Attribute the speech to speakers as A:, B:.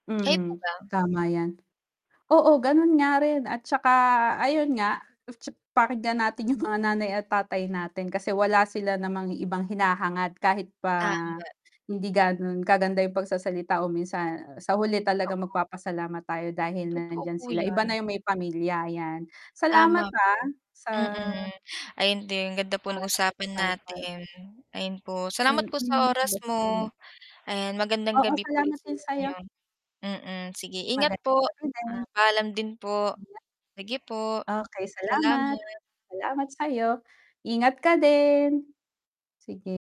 A: Kayo po
B: Mm,
A: ba?
B: tama yan, oo, gano'n nga rin at tsaka ayon nga, tsa pakinggan natin 'yong mga nanay at tatay natin, kasi wala sila namang ibang hinahangad, kahit pa
A: Tama.
B: hindi gano'n kaganda, 'yong pagsasalita o minsan sa huli talaga,
A: Totoo.
B: magpapasalamat tayo dahil
A: Totoo
B: nandiyan
A: po
B: sila, iba
A: yan.
B: na 'yong may pamilya yan, salamat
A: Tama
B: ha,
A: po,
B: sa
A: mm, ayon din, ganda po
B: Mga
A: ng usapan
B: napag-usapan.
A: natin, ayon po, salamat po
B: Mm,
A: sa oras
B: basta hmm,
A: mo, ayan, magandang
B: Oo,
A: gabi po ulit
B: salamat
A: sa
B: din sayo.
A: inyo, mm, sige ingat
B: Magandang
A: po.
B: gabi din.
A: Paalam din po,
B: [unintelligible]
A: sige po.
B: Okey, salamat
A: Salamat.
B: salamat sayo, ingat ka din, sige.